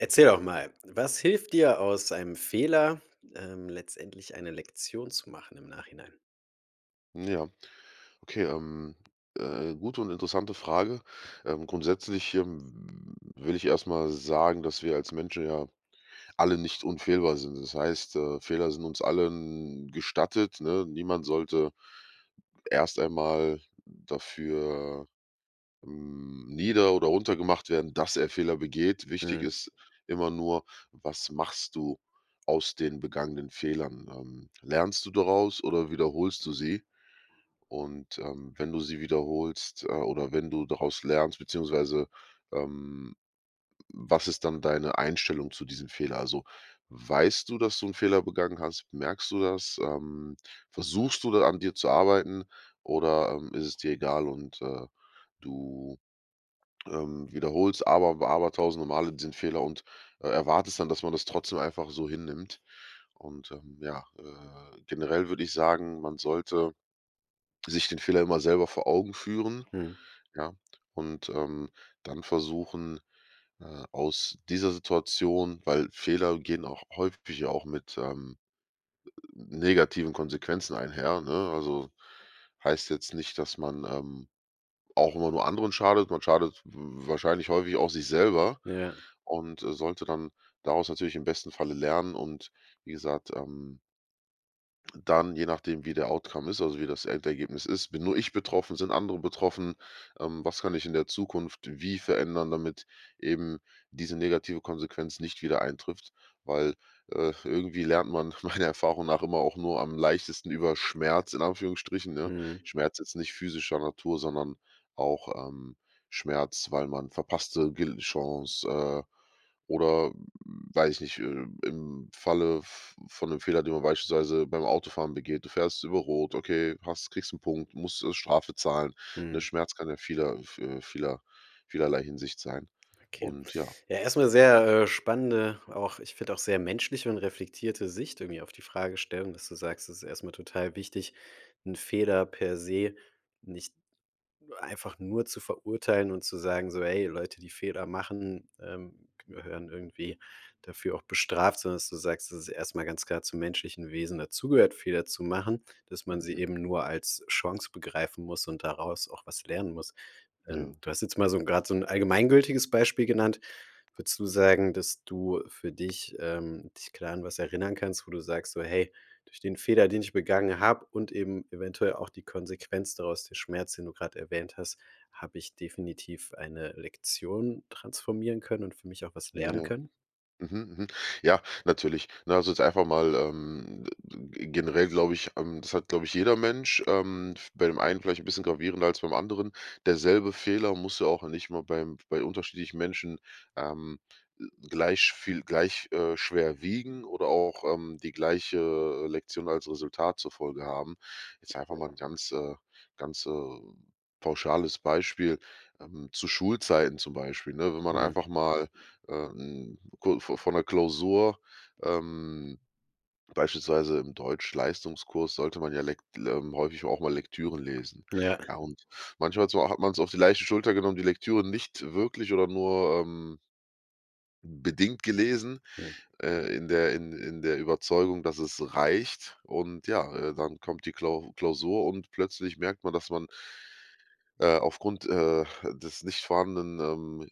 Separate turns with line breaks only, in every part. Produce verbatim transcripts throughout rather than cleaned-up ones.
Erzähl doch mal. Was hilft dir aus einem Fehler, ähm, letztendlich eine Lektion zu machen im Nachhinein?
Ja. Okay, ähm, äh, gute und interessante Frage. Ähm, grundsätzlich, ähm, will ich erstmal sagen, dass wir als Menschen ja alle nicht unfehlbar sind. Das heißt, äh, Fehler sind uns allen gestattet, ne? Niemand sollte erst einmal dafür, hm, nieder oder runtergemacht werden, dass er Fehler begeht. Wichtig
Mhm.
ist immer nur, was machst du aus den begangenen Fehlern? Ähm, lernst du daraus oder wiederholst du sie? Und, ähm, wenn du sie wiederholst, äh, oder wenn du daraus lernst beziehungsweise, ähm, was ist dann deine Einstellung zu diesem Fehler? Also, weißt du, dass du 'n Fehler begangen hast? Merkst du das? Ähm, versuchst du da an dir zu arbeiten, oder, ähm, ist es dir egal und, äh, du, ähm, wiederholst, aber w aber tausende Male diesen Fehler und e erwartest dann, dass man das trotzdem einfach so hinnimmt. Und, ähm, ja, äh, generell würde ich sagen, man sollte sich den Fehler immer selber vor Augen führen,
Mhm.
ja, und, ähm, dann versuchen, äh, aus dieser Situation weil Fehler gehen auch häufig auch mit, ähm, negativen Konsequenzen einher, ne? Also, heißt jetzt nicht, dass man, ähm, auch immer nur anderen schadet. Man schadet w wahrscheinlich häufig auch sich selber
Ja, ja.
und, äh, sollte dann daraus natürlich im besten Falle lernen und, wie gesagt, ähm Dann, je nachdem, wie der Outcome ist, also wie das Endergebnis ist, bin nur ich betroffen, sind andere betroffen, ähm, was kann ich in der Zukunft wie verändern, damit eben diese negative Konsequenz nicht wieder eintrifft? Weil, äh, irgendwie lernt man meiner Erfahrung nach immer auch nur am leichtesten über Schmerz in Anführungsstrichen, ne?
Mhm.
Schmerz jetzt nicht physischer Natur, sondern auch, ähm, Schmerz, weil man verpasste Gel Chance, äh, oder weiß ich nicht, äh, im Falle v von 'nem Fehler, den man beispielsweise beim Autofahren begeht. Du fährst über rot, okay, hast kriegst 'n Punkt, musst, äh, Strafe zahlen. Der
Mhm.
Schmerz kann ja vieler, äh, v vieler vielerlei Hinsicht sein.
Okay,
Und ja.
ja, erstmal sehr, äh, spannende, auch ich finde auch sehr menschliche und reflektierte Sicht irgendwie auf die Fragestellung, dass du sagst: „Es ist erstmal total wichtig 'n Fehler per se nicht einfach nur zu verurteilen“ und zu sagen, so: „Hey, Leute, die Fehler machen, ähm, gehören irgendwie dafür auch bestraft.“ Sondern dass du sagst, dass es erstmal ganz klar zum menschlichen Wesen dazu gehört, Fehler zu machen, dass man sie
Mhm.
eben nur als Chance begreifen muss und daraus auch was lernen muss. Ähm,
Ja.
du hast jetzt mal so 'n gerade so 'n allgemeingültiges Beispiel genannt. Würdest du sagen, dass du für dich, ähm dich klar an was erinnern kannst, wo du sagst so: „Hey, durch den Fehler, den ich begangen habe und eben eventuell auch die Konsequenz daraus“ der Schmerz, den du gerade erwähnt hast: „Habe ich definitiv eine Lektion transformieren können und für mich auch was lernen
Ja.
können.“?
Mhm, mhm, ja, natürlich, lass uns einfach mal, ähm generell glaube ich, ähm, das hat, glaube ich, jeder Mensch, ähm, v bei dem einen vielleicht ein bisschen gravierender als beim anderen. Derselbe Fehler muss ja auch nicht mal beim bei unterschiedlichen Menschen, ähm, l gleich viel gleich, äh, schwer wiegen oder auch, ähm, die gleiche Lektion als Resultat zur Folge haben. Jetzt einfach mal ein ganz äh, ganz, äh, pauschales Beispiel, ähm, zu Schulzeiten zum Beispiel, ne? Wenn man
Mhm.
einfach mal, ähm, ku vo vor 'ner Klausur, ähm, beispielsweise im Deutschleistungskurs sollte man ja lekt ähm, häufig auch mal Lektüren lesen.
Ja.
Ja und manchmal so hat man es auf die leichte Schulter genommen, die Lektüre nicht wirklich oder nur, ähm bedingt gelesen,
Hm.
äh, in der in in der Überzeugung, dass es reicht und ja, äh, dann kommt die Klau Klausur und plötzlich merkt man, dass man äh, aufgrund, äh, des nicht vorhandenen, ähm,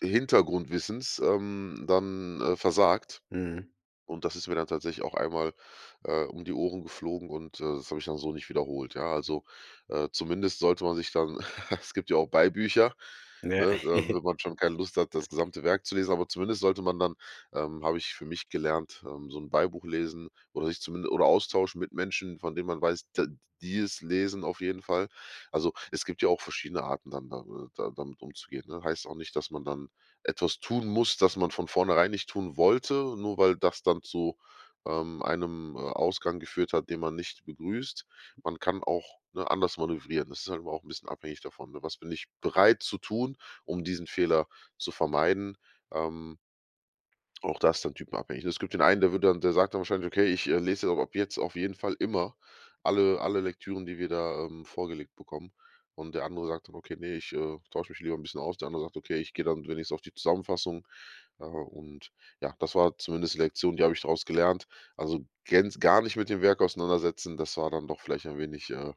d d Hintergrundwissens, ähm, dann, äh, versagt.
Mhm.
Und das ist mir dann tatsächlich auch einmal, äh, um die Ohren geflogen und, äh, das habe ich dann so nicht wiederholt, ja also, äh, zumindest sollte man sich dann es gibt ja auch Beibücher,
Ja.
ne, ähm, wenn man schon keine Lust hat, das gesamte Werk zu lesen, aber zumindest sollte man dann ähm, habe ich für mich gelernt, ähm, so 'n Beibuch lesen oder sich zumin oder austauschen mit Menschen, von denen man weiß, t die es lesen auf jeden Fall. Also, es gibt ja auch verschiedene Arten dann da äh, da damit umzugehen, ne? Heißt auch nicht, dass man dann etwas tun muss, das man von vornherein nicht tun wollte, nur weil das dann zu, ähm, einem, äh, Ausgang geführt hat, den man nicht begrüßt. Man kann auch, ne, anders manövrieren. Das ist halt aber auch 'n bisschen abhängig davon, ne, was bin ich bereit zu tun, um diesen Fehler zu vermeiden, ähm auch das ist dann typenabhängig. Es gibt den einen, der wird dann der sagt dann wahrscheinlich: „Okay, ich lese ab jetzt auf jeden Fall immer alle alle Lektüren, die wir da, ähm, vorgelegt bekommen.“ Und der andere sagt dann: „Okay, ne, ich, äh, tausche mich lieber 'n bisschen aus.“ Der andere sagt: „Okay, ich gehe dann wenigstens auf die Zusammenfassung.“ Äh, und ja, das war zumindest die Lektion, die habe ich draus gelernt, also gänz gar nicht mit dem Werk auseinandersetzen, das war dann doch vielleicht ein wenig, äh,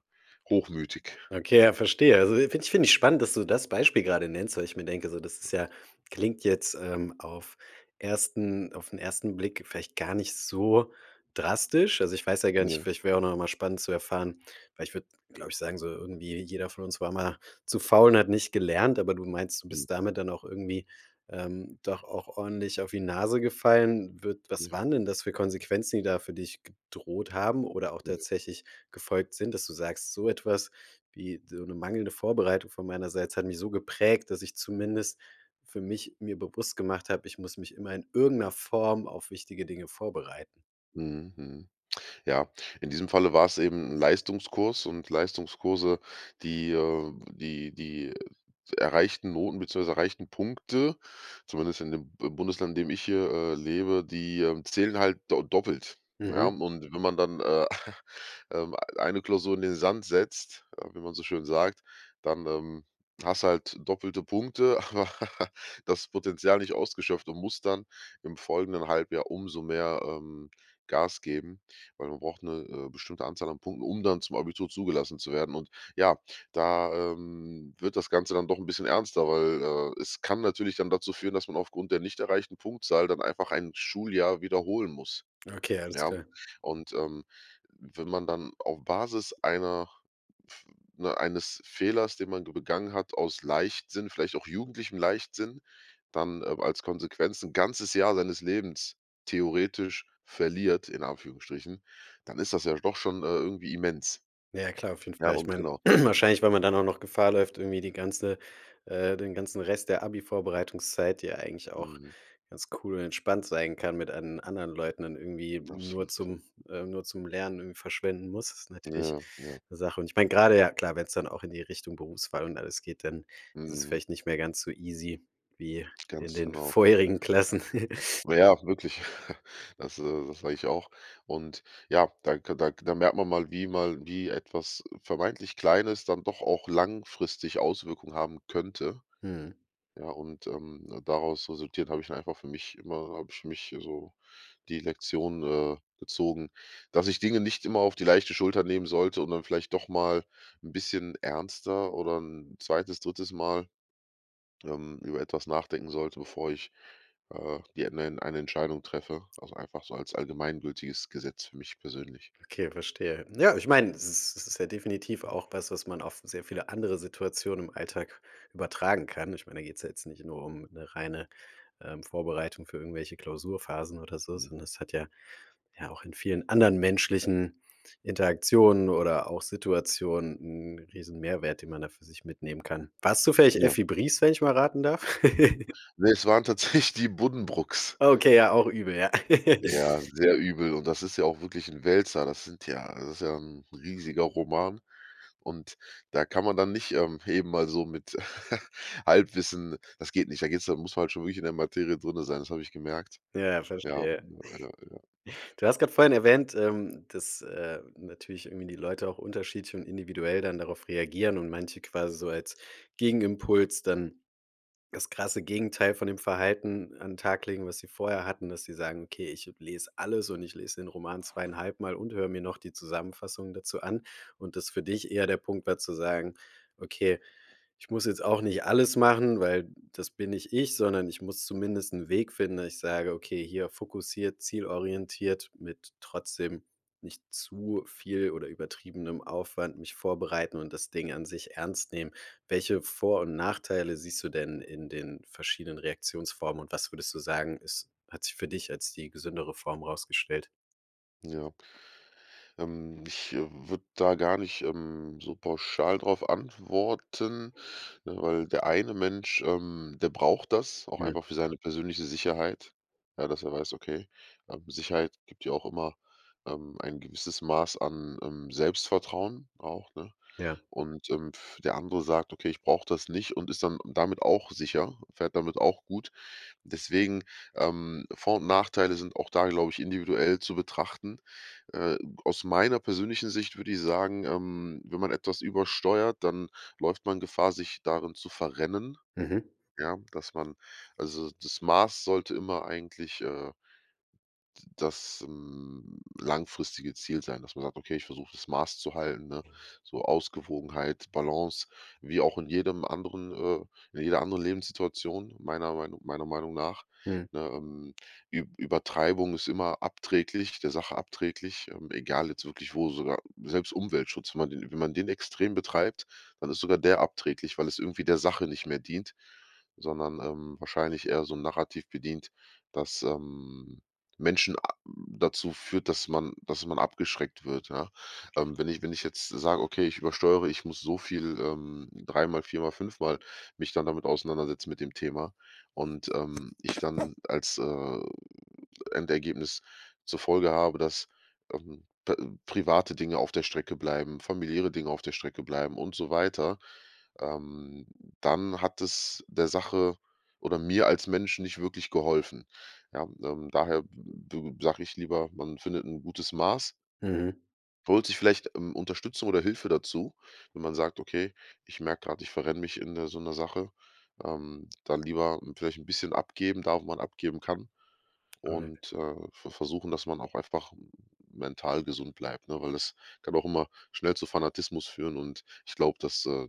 hochmütig.
Okay, ja, verstehe, also i finde ich finde ich spannend, dass du das Beispiel gerade nennst, weil ich mir denke, so das ist ja klingt jetzt, ähm, auf ersten auf 'n ersten Blick vielleicht gar nicht so drastisch. Also, ich weiß ja gar nicht
Ja.
vielleicht wäre auch noch mal spannend zu erfahren weil ich würde, glaube ich sagen, so irgendwie jeder von uns war mal zu faul und hat nicht gelernt, aber du meinst, du
Mhm.
bist damit dann auch irgendwie, ähm, doch auch ordentlich auf die Nase gefallen. Wird was
Ja.
waren denn das für Konsequenzen, die da für dich gedroht haben oder auch
Ja.
tatsächlich gefolgt sind, dass du sagst: „So etwas wie so 'ne mangelnde Vorbereitung von meinerseits hat mich so geprägt, dass ich zumindest für mich mir bewusst gemacht habe, ich muss mich immer in irgendeiner Form auf wichtige Dinge vorbereiten.“?
Mhm, mhm. Ja. In diesem Falle war es eben 'n Leistungskurs und Leistungskurse, die, äh die die erreichten Noten beziehungsweise erreichten Punkte, zumindest in dem B Bundesland, in dem ich hier, äh, lebe, die, äh, zählen halt do doppelt, ja,
Mhm.
und wenn man dann, äh, ähm, eine Klausur in den Sand setzt, äh, wie man so schön sagt, dann, ähm, hast du halt doppelte Punkte, aber das Potenzial nicht ausgeschöpft und muss dann im folgenden Halbjahr umso mehr, ähm, Gas geben, weil man braucht 'ne, äh, bestimmte Anzahl an Punkten, um dann zum Abitur zugelassen zu werden. Und ja, da, ähm, wird das Ganze dann doch 'n bisschen ernster, weil, äh, es kann natürlich dann dazu führen, dass man aufgrund der nicht erreichten Punktzahl dann einfach ein Schuljahr wiederholen muss,
Okay, alles
ja?
klar.
Und, ähm, wenn man dann auf Basis einer, f ne, eines Fehlers, den man ge begangen hat, aus Leichtsinn, vielleicht auch jugendlichem Leichtsinn, dann, äh, als Konsequenz 'n ganzes Jahr seines Lebens theoretisch verliert in Anführungsstrichen, dann ist das ja doch schon, äh, irgendwie immens.
Ja, ja, klar. Auf jeden
Ja,
Fall. Ich
und
meine
genau.
wahrscheinlich, weil man dann auch noch Gefahr läuft, irgendwie die ganze ,äh, den ganzen Rest der Abi-Vorbereitungszeit, die ja eigentlich auch
Mhm.
ganz cool und entspannt sein kann mit an anderen Leuten dann irgendwie nur
Absolut.
zum äh, nur zum Lernen irgendwie verschwenden muss, ist natürlich
Ja, ja.
'ne Sache. Und ich meine gerade ja klar, wenn's dann auch in die Richtung Berufswahl und alles geht, dann ist es
Mhm.
vielleicht nicht mehr ganz so easy wie in
Ganz
den
genau.
vorherigen Klassen.
Na ja, wirklich. Das äh, das sage ich auch. Und ja, da ka da da merkt man mal, wie mal wie etwas, äh, vermeintlich Kleines dann doch auch langfristig Auswirkungen haben könnte.
Mhm.
Ja und, ähm, daraus resultiert habe ich einfach für mich immer habe ich für mich, also, die Lektion, äh, gezogen, dass ich Dinge nicht immer auf die leichte Schulter nehmen sollte und dann vielleicht doch mal 'n bisschen ernster oder 'n zweites, drittes Mal, ähm, über etwas nachdenken sollte, bevor ich, äh, die enen eine Entscheidung treffe, also, einfach so als allgemeingültiges Gesetz für mich persönlich.
Okay, verstehe. Ne, ich meine, es ist es ist ja definitiv auch was, was man auf sehr viele andere Situationen im Alltag übertragen kann. Ich meine, da geht's ja jetzt nicht nur um 'ne reine, ähm, Vorbereitung für irgendwelche Klausurphasen oder so,
Mhm.
sondern das hat ja ja auch in vielen anderen menschlichen Interaktionen oder auch Situationen 'n riesen Mehrwert, den man da für sich mitnehmen kann. War es zufällig
Ja.
„Effi Briest“, wenn ich mal raten darf?
Ne, es waren tatsächlich die Buddenbrooks.
Okay, ja, auch übel, ja.
Ja, sehr übel. Und das ist ja auch wirklich 'n Wälzer. Das sind ja das ist ja 'n riesiger Roman. Und da kann man dann nicht, ähm, eben mal so mit Halbwissen das geht nicht, da geht's da muss man halt schon wirklich in der Materie drinnen sein, das habe ich gemerkt.
Ja,
Ja,
verstehe.
ja, ja, ja.
Du hast gerade vorhin erwähnt. Ähm, dass, äh, natürlich irgendwie die Leute auch unterschiedlich und individuell dann darauf reagieren und manche quasi so als Gegenimpuls dann das krasse Gegenteil von dem Verhalten an Tag legen, was sie vorher hatten, dass sie sagen: „Okay, ich lese alles und ich lese den Roman zweieinhalbmal und höre mir noch die Zusammenfassung dazu an“. Und das für dich eher der Punkt war zu sagen: „Okay, ich muss jetzt auch nicht alles machen, weil das bin nicht ich, sondern ich muss zumindest 'n Weg finden“, dass ich sage: „Okay, hier fokussiert, zielorientiert mit trotzdem nicht zu viel oder übertriebenem Aufwand mich vorbereiten und das Ding an sich ernst nehmen.“ Welche Vor und Nachteile siehst du denn in den verschiedenen Reaktionsformen? Und was würdest du sagen, es hat sich für dich als die gesündere Form rausgestellt?
Ja. Ähm, ich, äh, würde da gar nicht, ähm, so pauschal drauf antworten, ne, weil der eine Mensch, ähm, der braucht das auch
Hm.
einfach für seine persönliche Sicherheit. Ja, dass er weiß, ok, ähm, Sicherheit gibt ja auch immer, ähm, ein gewisses Maß an, ähm, Selbstvertrauen auch, ne?
Ja.
Und, ähm, der andere sagt: „Okay, ich brauche das nicht.‟ und ist dann damit auch sicher, fährt damit auch gut. Deswegen, ähm, Vor und Nachteile sind auch da, glaube ich, individuell zu betrachten. Äh, aus meiner persönlichen Sicht würde ich sagen, ähm, wenn man etwas übersteuert, dann läuft man Gefahr, sich darin zu verrennen.
Mhm.
Ja, dass man also das Maß sollte immer eigentlich, äh d das, ähm, langfristige Ziel sein. Dass man sagt: „Okay, ich versuche, das Maß zu halten.“, ne, so Ausgewogenheit, Balance, wie auch in jedem anderen äh, in jeder anderen Lebenssituation. Meiner Meinung meiner Meinung nach,
Mhm.
ne, ähm, Ü Übertreibung ist immer abträglich der Sache abträglich, ähm, egal jetzt wirklich wo. Sogar selbst Umweltschutz, wenn man d wenn man den extrem betreibt, dann ist sogar der abträglich, weil es irgendwie der Sache nicht mehr dient, sondern, ähm, wahrscheinlich eher so 'n Narrativ bedient, dass, ähm, Menschen a dazu führt, dass man dass man abgeschreckt wird, ja. Ähm, wenn ich wenn ich jetzt sage: „Ok, ich übersteuere, ich muss so viel ähm, dreimal, viermal, fünfmal mich dann damit auseinandersetzen mit dem Thema.“, und, ähm, ich dann als, äh, Endergebnis zur Folge habe, dass, ähm, p private Dinge auf der Strecke bleiben, familiäre Dinge auf der Strecke bleiben und so weiter. Ähm, dann hat es der Sache oder mir als Menschen nicht wirklich geholfen. Ja, ähm, daher d d sage ich lieber: „Man findet 'n gutes Maß“.
Mhm.
Holt sich vielleicht, ähm, Unterstützung oder Hilfe dazu, wenn man sagt: „Okay, ich merke gerade, ich verrenne mich in, äh, so 'ner Sache.“ Ähm, dann lieber, hm, vielleicht 'n bisschen abgeben da wo man abgeben kann
Alright.
und, äh, ver versuchen, dass man auch einfach mental gesund bleibt, ne, weil das kann auch immer schnell zu Fanatismus führen und ich glaube, das, äh,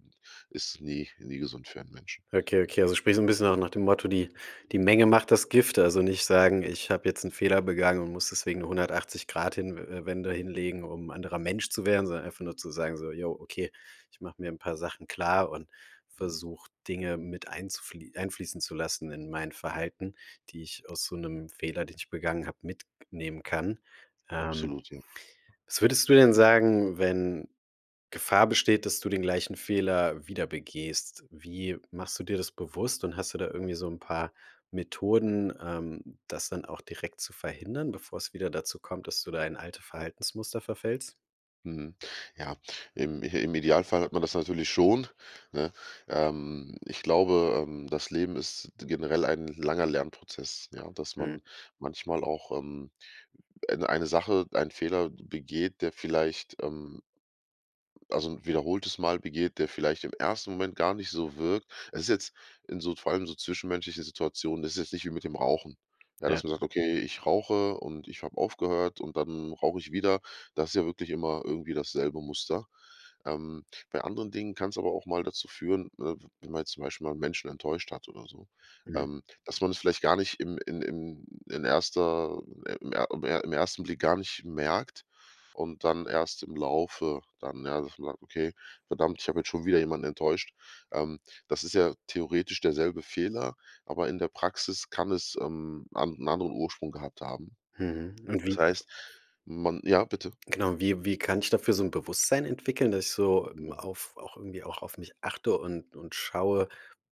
ist nie nie gesund für ein Menschen.
Okay, okay. Also, sprich so 'n bisschen auch nach dem Motto: „Die, die Menge macht das Gift“. Also, nicht sagen: „Ich habe jetzt 'n Fehler begangen und muss deswegen eine hundertachtzig Grad hin äh, Wende hinlegen, um 'n anderer Mensch zu werden.“ Sondern einfach nur zu sagen, so: „Jo, okay, ich mache mir 'n paar Sachen klar und
Mhm.
versuche, Dinge mit einzuflie einfließen zu lassen in mein Verhalten, die ich aus so 'nem Fehler, den ich begangen habe, mitnehmen kann.“ Ähm,
Absolut, ja.
was würdest du denn sagen, wenn Gefahr besteht, dass du den gleichen Fehler wieder begehst? Wie machst du dir das bewusst? Und hast du da irgendwie so 'n paar Methoden, ähm, das dann auch direkt zu verhindern, bevor es wieder dazu kommt, dass du da in alte Verhaltensmuster verfällst?
Mhm, ja, im im Idealfall hat man das natürlich schon, ne? Ähm, ich glaube, ähm, das Leben ist generell ein langer Lernprozess, ja, dass
Mhm.
man manchmal auch, ähm, eine eine Sache, einen Fehler begeht, der vielleicht, ähm also, 'n wiederholtes Mal begeht, der vielleicht im ersten Moment gar nicht so wirkt. Es ist jetzt in so vor allem so zwischenmenschlichen Situationen, das ist jetzt nicht wie mit dem Rauchen. Ja, dass
Ja.
man sagt: „Okay, ich rauche und ich habe aufgehört und dann rauche ich wieder.“ Das ist ja wirklich immer irgendwie dasselbe Muster. Ähm, bei anderen Dingen kann es aber auch mal dazu führen, äh, w wenn man jetzt zum Beispiel mal Menschen enttäuscht hat oder so,
Mhm.
ähm, dass man das vielleicht gar nicht im in in in erster im im im ersten Blick gar nicht merkt und dann erst im Laufe dann ja, dass man sagt: „Okay, verdammt, ich habe jetzt schon wieder jemanden enttäuscht.“ Ähm, das ist ja theoretisch derselbe Fehler, aber in der Praxis kann es, ähm, an 'n anderen Ursprung gehabt haben.
Mhm, und wie
Das
f
heißt, man ja, bitte?
Genau, wie wie kann ich dafür so 'n Bewusstsein entwickeln, dass ich so m
Ja.
auf auch irgendwie auch auf mich achte und und schaue,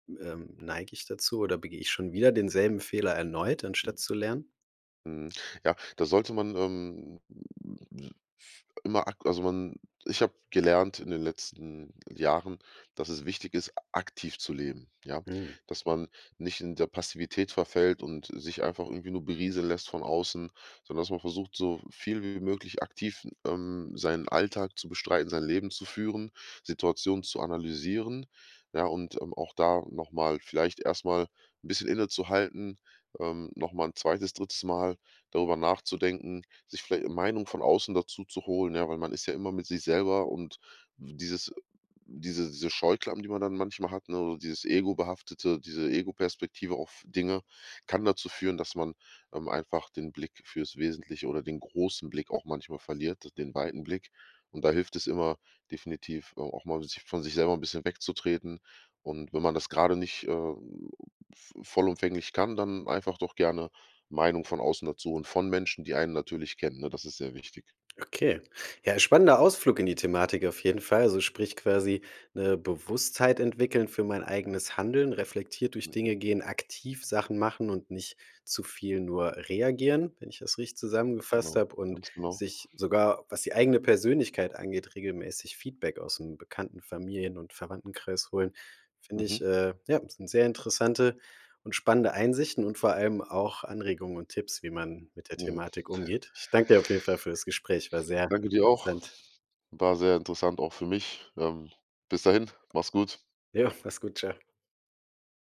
ähm, neige ich dazu oder begehe ich schon wieder denselben Fehler erneut, anstatt zu lernen?
Mhm, ja, da sollte man, ähm, f immer ag also, man ich habe gelernt in den letzten Jahren, dass es wichtig ist, aktiv zu leben. Ja,
Mhm.
dass man nicht in der Passivität verfällt und sich einfach irgendwie nur berieseln lässt von außen, sondern dass man versucht, so viel wie möglich aktiv, ähm, seinen Alltag zu bestreiten, sein Leben zu führen, Situationen zu analysieren. Ja, und, ähm, auch da nochmal vielleicht erst mal 'n bisschen innezuhalten, ähm, nochmal 'n zweites, drittes Mal darüber nachzudenken, sich vielleicht 'ne Meinung von außen dazu zu holen. Ja, weil man ist ja immer mit sich selber. Und dieses diese diese Scheuklappen, die man dann manchmal hat, ne? Dieses Ego behaftete, diese Ego-Perspektive auf Dinge kann dazu führen, dass man, ähm, einfach, den Blick fürs Wesentliche oder den großen Blick auch manchmal verliert, den weiten Blick. Und da hilft es immer, definitiv a auch mal von sich selber 'n bisschen wegzutreten. Und wenn man das gerade nicht, äh, v vollumfänglich kann, dann einfach doch gerne Meinung von außen dazu und von Menschen, die einen natürlich kennen, ne? Das ist sehr wichtig.
Okay, ja, spannender Ausflug in die Thematik auf jeden Fall. Also, sprich quasi 'ne Bewusstheit entwickeln für mein eigenes Handeln, reflektiert durch
Mhm.
Dinge gehen, aktiv Sachen machen und nicht zu viel nur reagieren, wenn ich das richtig
Ganz
zusammengefasst
genau,
habe, und
ganz genau.
sich sogar, was die eigene Persönlichkeit angeht, regelmäßig Feedback ausm Bekannten, Familien und Verwandtenkreis holen. Finde
Mhm.
ich äh, ja, sind sehr interessante und spannende Einsichten und vor allem auch Anregungen und Tipps, wie man mit der
Ja.
Thematik umgeht. Ich danke dir auf jeden Fall für das Gespräch, war sehr
Danke dir auch.
interessant.
War sehr interessant auch für mich. Ähm, bis dahin. Mach's gut.
Ja, mach's gut, ciao.